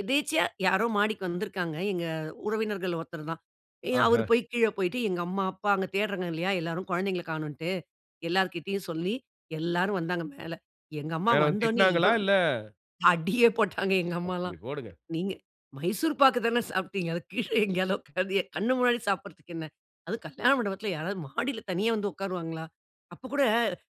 எதேர்ச்சையா யாரோ மாடிக்கு வந்திருக்கிறாங்க. எங்க உறவினர்கள்ல ஒருத்தர் தான். ஏ அவரு ஆஹ. போய் கீழே போய்ட்டு எங்க அம்மா, அப்பா அங்க தேடுறாங்க இல்லையா? எல்லோரும் கொழந்தைங்கள கானோண்ட்டு, எல்லார்கிட்டயும் சொல்லி, எல்லாரும் வந்தாங்க மேலே. எங்க அம்மா வேற வந் வந்தோன்னே திட்டினாங்களா? இவ்வளோ இல்ல அடியே போட்டாங்க எங்க அம்மாலாம், அப்படி போடுங்க. நீங்க மைசூர் பாக்கு தானே சாப்பிட்டீங்க, அத கீழே எங்கேயாகிலும் உக்காந்தி என் கண்ணு முன்னாடி சாப்பிடுறதுக்கு என்ன? அதும் கல்யாண மண்டபத்தில யாராவது மாடியில தனியா வந்து உக்காருவாங்களா? அப்ப கூட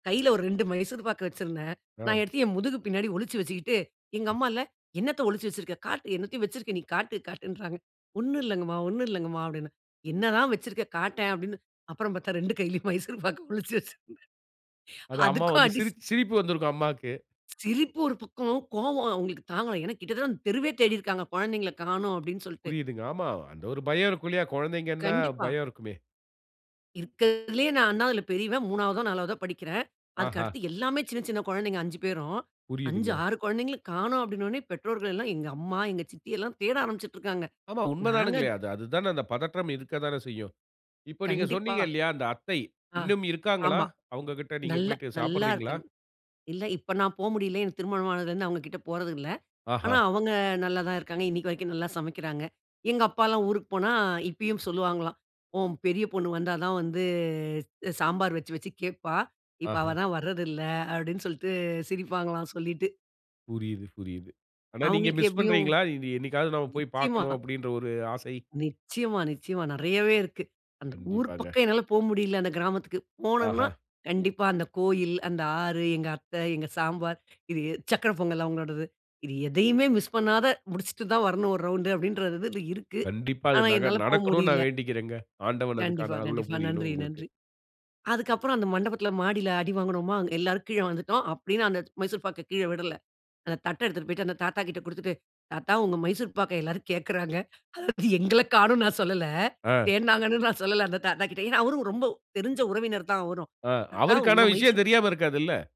கையில ஒரு 2 மைசூர் பாக்கு வச்சிருந்தேன், ஆ. நான் எடுத்து என் முதுகு பின்னாடி ஒளிச்சு வச்சிகிட்டு, எங்க அம்மால்ல, "என்னத்த ஒழிச்சு வச்சிருக்க, காட்டு என்னத்தையோ வச்சிருக்க நீ காட்டு" காட்டுன்றாங்க. "ஒண்ணும் இல்லங்கமா, ஒண்ணும் இல்லங்கமா" அப்படினு, "என்னதான் வச்சிருக்க? காட்டேன்" அப்படினு, அப்புறம் பாத்தா 2 கையிலும் மைசூர் பாக்கை ஒளிச்சு வச்சிருந்தேன். அது அம்மா அதுக்கும் வந்து அடி சி சிரிச்சு சிரிப்பு வந்திருக்கும் அம்மாக்கு. சிரிப்பு ஒரு பக்கம், கோவம் அவங்களுக்கு தாங்கல, ஏனா கிட்டத்தட்ட அந்த தெருவே தேடி இருக்காங்க, குழந்தைகளை காணோம் அப்படினு சொல்ட்டு. புரியுதுங்க ஆமா, அந்த ஒரு பயம் இருக்கும் இல்லியா! கொழந்தைகள்னா, கண்டிப்பா. பயம் இருக்குமே. இருக்கருதிலேயே நான்தான் அதில பெரியவன், மூனாவதோ நாளவதோ படிக்கிறேன். அதுக்கு ஆஹா. அடுத்து எல்லாமே, சின்ன சின்ன கொழந்தைங்க 5 பேரும், "அஞ்சு, புரியுதுங்க. ஆறு கொழந்தைங்களும் காணோம்" அப்படினோனே பெற்றோர்கள் எல்லாம் எங்க அம்மா, எங்க சித்தி எல்லாம் தேட ஆரம்பிச்சிட்டுருக்காங்க, ஆமா உண்ம நாங்க தானுங்களே அது அது தானே அந்த பதற்றம் இருக்க தானே செய்யும். இப்போ நீங்க கண்டிப்பா சொன்னீங்க இல்லையா, அந்த அத்தை, ஆ, இன்னும் இருக்காங்களா? ஆமா. அவுங்ககிட்ட நீங்க நல்லா, போய்ட்டு நல்லா சாப்டுறீங்களா? இருக்கன் இல்ல, இப்போ நான் போ முடியல. எனக்கு திருமணம் ஆனதுலேருந்து அவுங்க கிட்ட போறது இல்ல, ஆனா ஆஹா. அவங்க நல்லா தான் இருக்காங்க. இன்னிக்கு வரைக்கும் நல்லா சமைக்கிறாங்க. எங்க அப்பாலாம் ஊருக்கு போனா, இப்பியும் சொல்லுவாங்களாம். "உன் பெரிய பொண்ணு வந்தா தான் வந்து, சாம்பார் வச்சு வச்சு கேப்பா, இப்போ அவ ஆஹ. தான் வரதில்லை." அப்டின்னு சொல்லிட்டு சிரிப்பாங்களாம், சொல்லிட்டு. புரியுது, புரியுது, ஆனா நீங்க அவுங்களுக்கு மிஸ் எப்படியும் பண்றீங்களா? இது "என்னிக்காவது நம்ம போய் நிச்சயமா. பாக்கனும்" அப்டின்ற ஒரு ஆசை. நிச்சயமா, நிச்சயமா, நெறையவே இருக்கு. அந்த ஊர் கண்டிப்பாங்க. பக்கம் என்னால போ முடியல. அந்த கிராமத்துககு. போனோம்னா, ஆஹா. கண்டிப்பா அந்த கோயில், அந்த ஆறு, எங்க அத்தை, எங்க சாம்பார், இது எ சக்கரை பொங்கல் அவுங்களோடது. இது எதையுமே மிஸ் பண்ணாத, முடிச்சிட்டு தான் வரணும் ஒரு ரவுண்ட்டு. அப்டின்றது இருக்கு, கண்டிப்பா அது ஆனா நட- என்னால போ நடக்கனுன்னு முடில. நான் வேண்டிக்கிறேங்க, ஆண்டவன் கண்டிப்பா, அதுக்கான அருள கண்டிப்பா. புரியனும் நன்றி, உங்களுக்கு. நன்றி. அதுக்கு அப்புறம் அந்த மண்டபத்தில மாடில அடி வாங்குனோமா! எல்லாரும் கீழ வந்துட்டோம். அப்டியும் நான் அந்த மைசூர் பாக்க கீழ விடல. அந்த தட்ட எடுத்துட்டு போயிட்டு, அந்த தாத்தா கிட்ட குடுத்துட்டு, தாத்தா உங்க மைசூர் பாக்க எல்லாரும் கேக்கறாங்க, அதாவது எங்கள காணோன்னு நான் சொல்லல, ஆ தேடுனாங்கனும் நான் சொல்லல அந்த தாத்தா கிட்ட ஏனா அவரும் ரொம்ப தெரிஞ்ச உறவினர் தான் அவரும், ஆ. தாத்தா அவருக்கு ஆனா உங்க விஷயம் மைசூர் தெரியாம இருக்காதுல்ல!